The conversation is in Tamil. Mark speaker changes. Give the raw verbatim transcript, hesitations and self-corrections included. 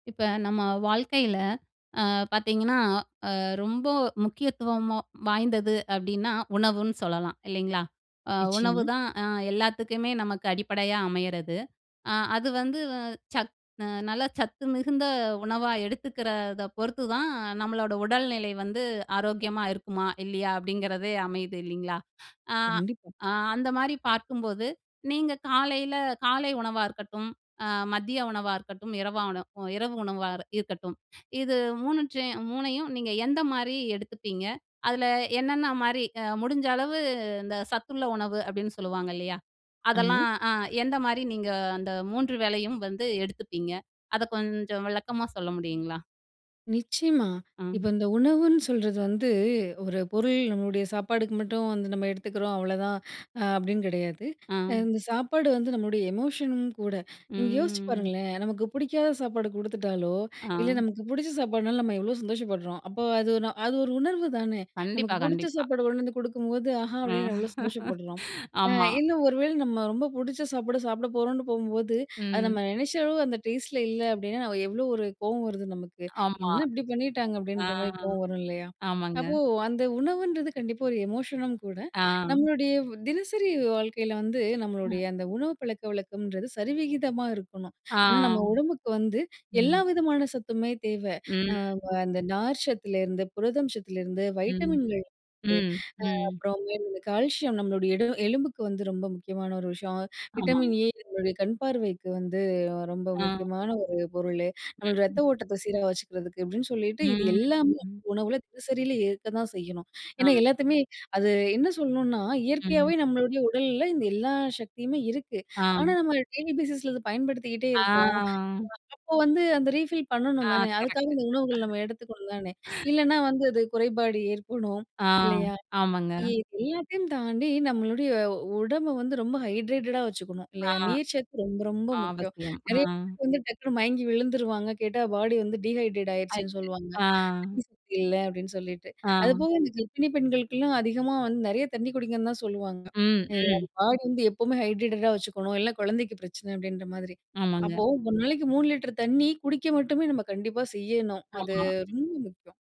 Speaker 1: இப்ப நம்ம வாழ்க்கையில ஆ பார்த்தீங்கன்னா, ஆ ரொம்ப முக்கியத்துவம் வாய்ந்தது அப்பிடின்னா, உணவுன்னு சொல்லலாம் இல்லேங்களா! அ
Speaker 2: நிச்சயமா.
Speaker 1: உணவுதான் அ எல்லாத்துக்குமே நமக்கு அடிப்படையா அமையிறது. அ அது வந்து சத் அ நல்ல சத்து மிகுந்த உணவா எடுத்துக்கிறத பொறுத்துதான் நம்மளோட உடல்நிலை வந்து ஆரோக்கியமா இருக்குமா, இல்லயா அப்பிடிங்கிறதே அமையுது இல்லேங்களா! ஆ
Speaker 2: கண்டிப்பா.
Speaker 1: அந்தமாரி பார்க்கும்போது, நீங்க காலையில காலை உணவா இருக்கட்டும், அ மதிய உணவா இருக்கட்டும், இரவா அ இரவு உணவா இருக்கட்டும். இது மூணு சே மூணை யும் நீங்க எந்தமாரி எடுத்துப்பீங்க? அதில என்னென்னமாரி அ முடிஞ்ச அளவு இந்த சத்துள்ள உணவு அப்பிடின்னு சொல்லுவாங்க இல்லயா!
Speaker 2: ஆமா.
Speaker 1: அதெல்லாம் அ எந்தமாரி நீங்க அந்த மூன்று வேலையும் வந்து எடுத்துப்பீங்க? அத கொஞ்சம் விளக்கமா சொல்ல முடியுங்களா?
Speaker 2: நிச்சயமா. இப்போ
Speaker 1: ஆ.
Speaker 2: இந்த உணவுன்னு சொல்றது வந்து, ஒரு பொருள் நம்மளுடைய சாப்பாடுக்கு மட்டும் வந்து நம்ம எடுத்துக்கிறோம். அவ்ளோதான் அ அப்பிடின்னு கிடையாது.
Speaker 1: ஆ
Speaker 2: அ இந்த சாப்பாடு வந்து நம்மளுடைய எமோஷனும் கூட. நீங்க யோசிச்சு
Speaker 1: ம், ம்.
Speaker 2: பாருங்களேன்! நமக்கு பிடிக்காத சாப்பாடு குடுத்துட்டாலோ! இல்ல
Speaker 1: ஆ.
Speaker 2: நமக்கு பிடிச்ச சாப்பாட்னால நம்ம எவ்ளோ சந்தோஷப்பட்றோம். அப்போ அது, நா அது ஒரு உணர்வு தானே!
Speaker 1: கண்டிப்பா,
Speaker 2: நமக்கு பிடிச்ச
Speaker 1: கண்டிப்பா.
Speaker 2: சாப்பாடு கொண்டு வந்து கொடுக்கும்போது, ஆஹா!
Speaker 1: அ,
Speaker 2: அப்பிடின்னு எவ்ளோ சந்தோஷப்படுறோம். அ
Speaker 1: ஆமா.
Speaker 2: இன்னும் ஒரு வேளை நம்ம ரொம்ப பிடிச்ச சாப்பிடு சாப்பிட போறோன்னு போம்போது, அது
Speaker 1: ம்.
Speaker 2: நம்ம நினைச்ச அளவு அந்த டேஸ்ட்ல இல்ல அப்பிடின்னா நம்ம எவ்ளோ ஒரு கோவம் வருது நமக்கு.
Speaker 1: ஆமா.
Speaker 2: என்ன இப்பிடி பண்ணிட்டாங்க
Speaker 1: ஆ,
Speaker 2: அப்பிடின்றமாரி கோவம் வரும் இல்லயா!
Speaker 1: ஆமாங்க.
Speaker 2: அப்போ அந்த உணவுன்றது கண்டிப்பா ஒரு எமோஷனும் கூட.
Speaker 1: ஆ.
Speaker 2: நம்மளுடைய தினசரி வாழ்க்கையில வந்து
Speaker 1: ஆ.
Speaker 2: நம்மளுடைய அந்த உணவு பழக்கவழக்கம்ன்றது சரிவிகிதமா இருக்கணும்.
Speaker 1: ஆ,
Speaker 2: ஏன்னா
Speaker 1: ஆ.
Speaker 2: நம்ம உடம்புக்கு வந்து எல்லா
Speaker 1: ம்.
Speaker 2: விதமான சத்துமே தேவ. அ வ
Speaker 1: ம்.
Speaker 2: அந்த நார் சத்துல புரதம் சத்திலருந்து
Speaker 1: ம்,
Speaker 2: வைட்டமின்கள் வந்து அ
Speaker 1: ம், ம்.
Speaker 2: அப்புறம் இந்தமாரி இந்த கால்சியம் நம்மளுடைய எடு எலும்புக்கு வந்து ரொம்ப முக்கியமான ஒரு விஷயம்.
Speaker 1: ஆமாங்க.
Speaker 2: Vitamin A நம்முடைய கண் பார்வைக்கு வந்து ரொம்ப
Speaker 1: ஆ.
Speaker 2: முக்கியமான ஒரு பொருளு. நம்ம ரத்த
Speaker 1: ம்.
Speaker 2: ஓட்டத்த சீரா வச்சுக்கிறதுக்கு அப்பிடின்னு சொல்லிட்டு, இது
Speaker 1: ம்,
Speaker 2: எல்லாமே
Speaker 1: ம்.
Speaker 2: உணவுல தினசரியில ஏற்க தான் செய்யணும். ஏன்னா
Speaker 1: ஆ.
Speaker 2: எல்லாத்தையுமே அது என்ன சொல்லணுன்னா,
Speaker 1: ம்.
Speaker 2: இயற்கையாவே நம்மளுடைய உடல்ல இந்த எல்லா சக்தியுமே இருக்கு.
Speaker 1: ஆ.
Speaker 2: ஆனா நம்ம டெய்லி பேசிஸ்ல இத பயன்படுத்திக்கிட்டே இருக்கோம்.
Speaker 1: ஆ.
Speaker 2: அப்போ வந்து அந்த ரீஃபில்
Speaker 1: ஆ
Speaker 2: பண்ணணும் தானே! அதுக்காக
Speaker 1: கரெக்ட்
Speaker 2: இந்த உணவுகள் நம்ம எடுத்துக்கணுந்தானே!
Speaker 1: [unintelligible]
Speaker 2: இல்லன்னா வந்து அது குறைபாடு ஏற்படும்
Speaker 1: ஆ,
Speaker 2: இல்லயா!
Speaker 1: ஆமாங்க.
Speaker 2: [unintelligible] எல்லாத்தையும் தாண்டி நம்மளுடைய உடம்பு வந்து ரொம்ப ஹைட்ரேட்டடா வச்சுக்கணும்
Speaker 1: ஆ.
Speaker 2: இல்லயா! நீர்ச்சத்து ரொம்ப, ரொம்ப முக்கியம்.
Speaker 1: அவசியம். ஆ.
Speaker 2: நிறைய பேர் வந்து டக்குனு மயங்கி விழுந்துருவாங்க. கேட்டா பாடி வந்து டீஹைட்ரேட் ஆகிருச்சுன்னு
Speaker 1: [unintelligible]
Speaker 2: சொல்லுவாங்க.
Speaker 1: ஆ.
Speaker 2: தண்ணீ சத்து இல்ல அப்பிடின்னு சொல்லிட்டு.
Speaker 1: ஆ.
Speaker 2: அதுபோக இந்த கர்ப்பிணி பெண்களுக்குலாம் அதிகமா வந்து நிறைய தண்ணி குடிங்கன்னு தான் சொல்லுவாங்க.
Speaker 1: ம்,
Speaker 2: அ
Speaker 1: ம்.
Speaker 2: பாடி வந்து எப்பவுமே ஹைட்ரேட்டடா வச்சுக்கணும். இல்ல குழந்தைக்கு பிரச்சனை அப்பிடின்றமாதிரி.
Speaker 1: ஆமாங்க.
Speaker 2: அப்போ ஒரு நாளைக்கு மூணு லிட்டர் தண்ணீ குடிக்க மட்டுமே நம்ம கண்டிப்பா செய்யணும். அது
Speaker 1: ஆமா.
Speaker 2: ரொம்ப முக்கியம்.